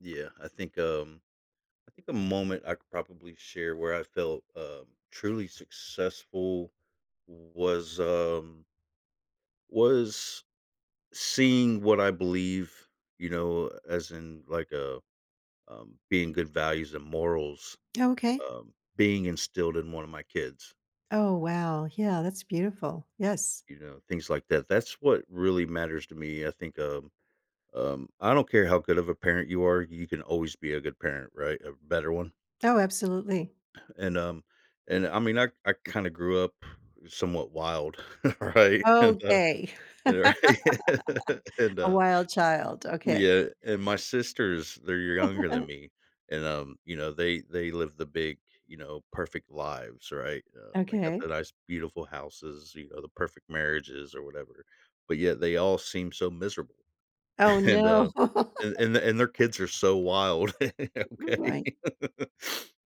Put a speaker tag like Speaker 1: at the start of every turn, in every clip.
Speaker 1: Yeah, I think, um, I think a moment I could probably share where I felt, um, truly successful w was, um was seeing what I believe, you know, as in, like, uh, um, being good values and morals,
Speaker 2: T Okay.
Speaker 1: um, being instilled in one of my kids.
Speaker 2: Oh, wow, yeah, that's beautiful, yes.
Speaker 1: You know, things like that that's what really matters to me, I think, um, um, I don't care how good of a parent you are, you can always be a good parent, right? A better one?
Speaker 2: Oh, absolutely.
Speaker 1: And, um and I mean, I I kinda grew up somewhat wild. Right? And, uh,
Speaker 2: Okay.
Speaker 1: right? And,
Speaker 2: A
Speaker 1: uh
Speaker 2: wild child, okay.
Speaker 1: Yeah, and my sisters, they're younger than me, and, um, you know, they they live the big, you know, perfect lives, right? Um, they got
Speaker 2: Okay.
Speaker 1: the nice beautiful houses, you know, the perfect marriages or whatever, but yet they all seem so miserable.
Speaker 2: Oh,
Speaker 1: And,
Speaker 2: no.
Speaker 1: uh and and their kids are so wild. Okay?
Speaker 2: Right.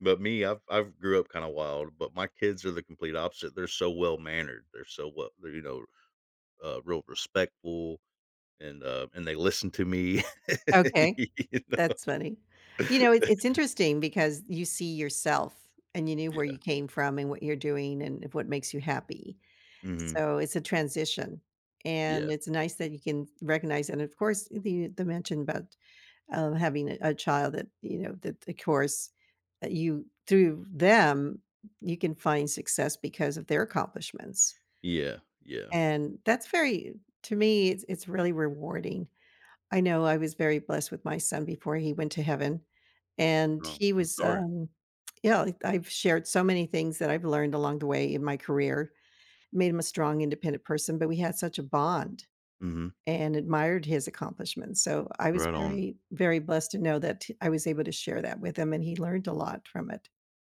Speaker 1: But me, I've I've grew up kinda wild, but my kids are the complete opposite, they're so well mannered, they're so well they're, you know, uh, real respectful, and, uh, and they listen to me.
Speaker 2: Okay.
Speaker 1: You know?
Speaker 2: That's funny. You know, it's it's interesting because you see yourself and you knew where you
Speaker 1: Yeah.
Speaker 2: came from and what you're doing and if what makes you happy.
Speaker 1: Mhm.
Speaker 2: So, it's a transition, and
Speaker 1: Yeah.
Speaker 2: it's nice that you can recognize and, of course the the mention about, uh, having a child that, you know, that the course that you through them you can find success because of their accomplishments.
Speaker 1: Yeah, yeah.
Speaker 2: And that's very to me, it's it's really rewarding. I know I was very blessed with my son before he went to heaven. And
Speaker 1: No,
Speaker 2: he
Speaker 1: I'm
Speaker 2: was,
Speaker 1: sorry.
Speaker 2: um, you know, I've shared so many things that I've learned along the way in my career, it made him a strong, independent person, but we had such a bond
Speaker 1: Mhm.
Speaker 2: and admired his accomplishments, so, I was
Speaker 1: Right on.
Speaker 2: very very blessed to know that I was able to share that with him, and he learned a lot from it.